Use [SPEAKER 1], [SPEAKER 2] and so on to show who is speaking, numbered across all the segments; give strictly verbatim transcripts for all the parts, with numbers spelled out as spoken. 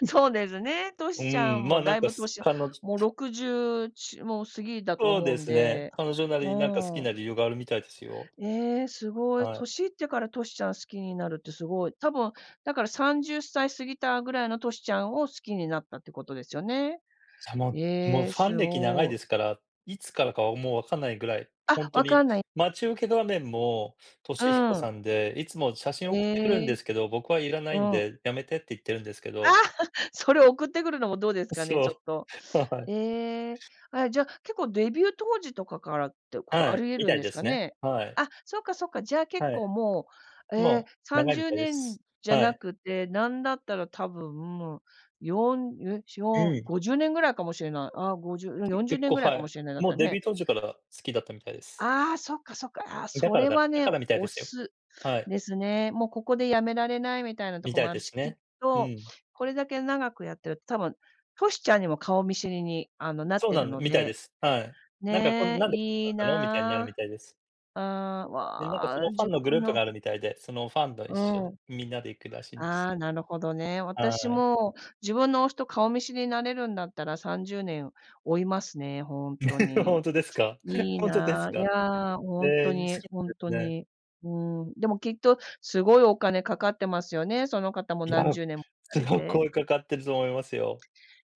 [SPEAKER 1] だとな、
[SPEAKER 2] そうですね、ト
[SPEAKER 1] う
[SPEAKER 2] シちゃ
[SPEAKER 1] ーん、
[SPEAKER 2] んも
[SPEAKER 1] ま、なん
[SPEAKER 2] だい
[SPEAKER 1] か
[SPEAKER 2] ぶ
[SPEAKER 1] す、
[SPEAKER 2] 歳、
[SPEAKER 1] かのじ
[SPEAKER 2] もうろくじゅう、ちもう過ぎだと
[SPEAKER 1] そう
[SPEAKER 2] 思う
[SPEAKER 1] で
[SPEAKER 2] ん
[SPEAKER 1] すね。
[SPEAKER 2] で、
[SPEAKER 1] 彼女なり
[SPEAKER 2] う
[SPEAKER 1] に、なんか好き
[SPEAKER 2] ん。
[SPEAKER 1] な理由があるみたいですよ。
[SPEAKER 2] ええ、すごい。
[SPEAKER 1] はい。
[SPEAKER 2] 年いってからトシちゃん好きになるってすごい。多分、だからさんじゅっさい過ぎたぐらいのトシちゃんを、好きになったってことですよね。
[SPEAKER 1] さももう
[SPEAKER 2] ええ、
[SPEAKER 1] ファン
[SPEAKER 2] す
[SPEAKER 1] 歴長い
[SPEAKER 2] ごい。
[SPEAKER 1] ですから、いつからかはもう分かんないぐらい、ほん
[SPEAKER 2] あ、
[SPEAKER 1] と
[SPEAKER 2] 分か
[SPEAKER 1] に。
[SPEAKER 2] んない
[SPEAKER 1] 待ち受け画面も
[SPEAKER 2] う
[SPEAKER 1] 俊彦
[SPEAKER 2] ーん。
[SPEAKER 1] さんで、いつも写真送ってくるん
[SPEAKER 2] え
[SPEAKER 1] で
[SPEAKER 2] え、
[SPEAKER 1] すけど、僕はいらな
[SPEAKER 2] う
[SPEAKER 1] いん
[SPEAKER 2] ん。
[SPEAKER 1] で、やめてって言ってるんですけ
[SPEAKER 2] あ、
[SPEAKER 1] ど。
[SPEAKER 2] それを送ってくるのもどうです
[SPEAKER 1] う、
[SPEAKER 2] かね、
[SPEAKER 1] そ
[SPEAKER 2] ちょっ
[SPEAKER 1] う。
[SPEAKER 2] と。
[SPEAKER 1] ははい。
[SPEAKER 2] ええ、あ、じゃ結構デビュー当時とかからってこと、
[SPEAKER 1] は
[SPEAKER 2] あ
[SPEAKER 1] い。
[SPEAKER 2] り得
[SPEAKER 1] み
[SPEAKER 2] る
[SPEAKER 1] た
[SPEAKER 2] ん
[SPEAKER 1] い
[SPEAKER 2] で
[SPEAKER 1] で
[SPEAKER 2] すか
[SPEAKER 1] すね。
[SPEAKER 2] ね？
[SPEAKER 1] はい。
[SPEAKER 2] あ、そっかそっか、じゃあ、結
[SPEAKER 1] は
[SPEAKER 2] 構
[SPEAKER 1] い。
[SPEAKER 2] もう、え
[SPEAKER 1] ま
[SPEAKER 2] え、
[SPEAKER 1] あ、
[SPEAKER 2] さん
[SPEAKER 1] 長い
[SPEAKER 2] じ
[SPEAKER 1] み
[SPEAKER 2] ゅう
[SPEAKER 1] たいで
[SPEAKER 2] ねん
[SPEAKER 1] す。
[SPEAKER 2] じゃ
[SPEAKER 1] は
[SPEAKER 2] な
[SPEAKER 1] い。
[SPEAKER 2] くて、なんだったら多分もうよん、ん、いや、ちが
[SPEAKER 1] う
[SPEAKER 2] う、
[SPEAKER 1] ん。
[SPEAKER 2] ごじゅうねんぐらいかもしれない。ああ、ごじゅう、うん、
[SPEAKER 1] き
[SPEAKER 2] よんじゅう
[SPEAKER 1] 結
[SPEAKER 2] ねん
[SPEAKER 1] 構、
[SPEAKER 2] ぐらい
[SPEAKER 1] は
[SPEAKER 2] かも
[SPEAKER 1] い。
[SPEAKER 2] しれない、だっ
[SPEAKER 1] も
[SPEAKER 2] た
[SPEAKER 1] う
[SPEAKER 2] ら
[SPEAKER 1] デビ
[SPEAKER 2] ね。
[SPEAKER 1] ュー当時から好きだったみたいです。
[SPEAKER 2] ああ、そっかそっか。ああ、
[SPEAKER 1] え、だ
[SPEAKER 2] そ
[SPEAKER 1] から
[SPEAKER 2] れ
[SPEAKER 1] が
[SPEAKER 2] は
[SPEAKER 1] だ
[SPEAKER 2] ね、
[SPEAKER 1] からみたいで
[SPEAKER 2] 推
[SPEAKER 1] すよ。
[SPEAKER 2] す
[SPEAKER 1] はい。
[SPEAKER 2] ですね。もう、ここでやめられないみたいなと
[SPEAKER 1] み
[SPEAKER 2] こ
[SPEAKER 1] た
[SPEAKER 2] も
[SPEAKER 1] い
[SPEAKER 2] ある
[SPEAKER 1] で
[SPEAKER 2] し、
[SPEAKER 1] す
[SPEAKER 2] きっ
[SPEAKER 1] ね。う
[SPEAKER 2] と
[SPEAKER 1] ん。
[SPEAKER 2] これだけ長くやってると、多分トシちゃんにも顔見知りに、あの、なっ
[SPEAKER 1] そう
[SPEAKER 2] て
[SPEAKER 1] な
[SPEAKER 2] る
[SPEAKER 1] んだ
[SPEAKER 2] の
[SPEAKER 1] みたいで
[SPEAKER 2] で。
[SPEAKER 1] す、はい。なんかこん
[SPEAKER 2] ね、
[SPEAKER 1] なんで来なか
[SPEAKER 2] いい
[SPEAKER 1] ったの、みたいになるみ
[SPEAKER 2] な
[SPEAKER 1] たいです。
[SPEAKER 2] あ。ああ、
[SPEAKER 1] で、なんかそ
[SPEAKER 2] わ、
[SPEAKER 1] のファン
[SPEAKER 2] 自
[SPEAKER 1] のグ
[SPEAKER 2] 分
[SPEAKER 1] ループ
[SPEAKER 2] の
[SPEAKER 1] があるみたいで、そのファンど一
[SPEAKER 2] う
[SPEAKER 1] 緒で、
[SPEAKER 2] ん。
[SPEAKER 1] みんなで行くらしいんです。
[SPEAKER 2] ああ、なるほどね。
[SPEAKER 1] は
[SPEAKER 2] 私
[SPEAKER 1] い。
[SPEAKER 2] も、自分の推しと顔見知りになれるんだったらさんじゅうねん、追いますね、ほんと
[SPEAKER 1] ほ
[SPEAKER 2] に。
[SPEAKER 1] んとですか？
[SPEAKER 2] いい
[SPEAKER 1] ほんとです
[SPEAKER 2] な、い
[SPEAKER 1] か？
[SPEAKER 2] や、
[SPEAKER 1] へ
[SPEAKER 2] ほん
[SPEAKER 1] え、
[SPEAKER 2] と
[SPEAKER 1] 好きなんで
[SPEAKER 2] にほんと
[SPEAKER 1] すね。
[SPEAKER 2] に。うん、でもきっと、すごいお金かかってますよね、その方も
[SPEAKER 1] いや、
[SPEAKER 2] 何
[SPEAKER 1] [unintelligible]
[SPEAKER 2] 十年もされ
[SPEAKER 1] 結
[SPEAKER 2] て。
[SPEAKER 1] 構かかってると思いますよ。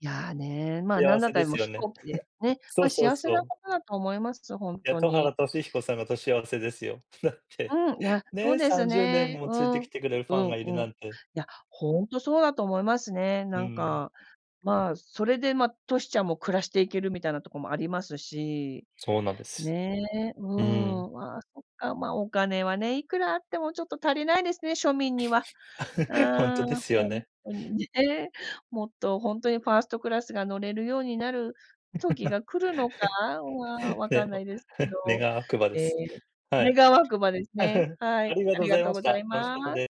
[SPEAKER 2] いや、ね、ま、何
[SPEAKER 1] 幸
[SPEAKER 2] だっ
[SPEAKER 1] せ
[SPEAKER 2] た
[SPEAKER 1] で
[SPEAKER 2] ら、
[SPEAKER 1] す
[SPEAKER 2] も、
[SPEAKER 1] よ
[SPEAKER 2] 飛
[SPEAKER 1] ね。
[SPEAKER 2] 行機で ね。
[SPEAKER 1] そう
[SPEAKER 2] ま、
[SPEAKER 1] そう
[SPEAKER 2] 幸せ
[SPEAKER 1] そ
[SPEAKER 2] な
[SPEAKER 1] う。
[SPEAKER 2] ことだと思います、ほん
[SPEAKER 1] いや、
[SPEAKER 2] と
[SPEAKER 1] 田
[SPEAKER 2] に。
[SPEAKER 1] 原俊彦さんがと幸せですよ。だって。
[SPEAKER 2] うん、いや、そう
[SPEAKER 1] ね、
[SPEAKER 2] で
[SPEAKER 1] さ
[SPEAKER 2] す
[SPEAKER 1] んじゅうねん
[SPEAKER 2] ね。
[SPEAKER 1] も
[SPEAKER 2] う
[SPEAKER 1] ついて
[SPEAKER 2] ん、う
[SPEAKER 1] き
[SPEAKER 2] ん、
[SPEAKER 1] てくれるファンがいる
[SPEAKER 2] う
[SPEAKER 1] な
[SPEAKER 2] ん。い
[SPEAKER 1] んて。
[SPEAKER 2] や、ほんとそうだと思いますね。
[SPEAKER 1] う
[SPEAKER 2] なん
[SPEAKER 1] ん。
[SPEAKER 2] か、まあ、それで、ま、トシちゃんも暮らしていける、みたいなとこもありますし、
[SPEAKER 1] そうなんです。
[SPEAKER 2] ねえ。う
[SPEAKER 1] うん。
[SPEAKER 2] ん、わ、そっか、ま、お金はね、いくらあってもちょっと足りないですね、庶民には。
[SPEAKER 1] ほんと
[SPEAKER 2] あ
[SPEAKER 1] で
[SPEAKER 2] あ、
[SPEAKER 1] すよ
[SPEAKER 2] ほん
[SPEAKER 1] ね。
[SPEAKER 2] とに ね。もっとほんとにファーストクラスが乗れるようになる時 が来るのかは分かん
[SPEAKER 1] ね、
[SPEAKER 2] な
[SPEAKER 1] も、
[SPEAKER 2] いですけど、
[SPEAKER 1] 願わくばで
[SPEAKER 2] ええ、
[SPEAKER 1] す。はい。
[SPEAKER 2] 願わくばですね。は
[SPEAKER 1] あ
[SPEAKER 2] い、
[SPEAKER 1] りがとう
[SPEAKER 2] あ
[SPEAKER 1] ご
[SPEAKER 2] り
[SPEAKER 1] ざ
[SPEAKER 2] が
[SPEAKER 1] い
[SPEAKER 2] とう
[SPEAKER 1] まし
[SPEAKER 2] ござい
[SPEAKER 1] た。楽し
[SPEAKER 2] ま
[SPEAKER 1] かった
[SPEAKER 2] す。
[SPEAKER 1] で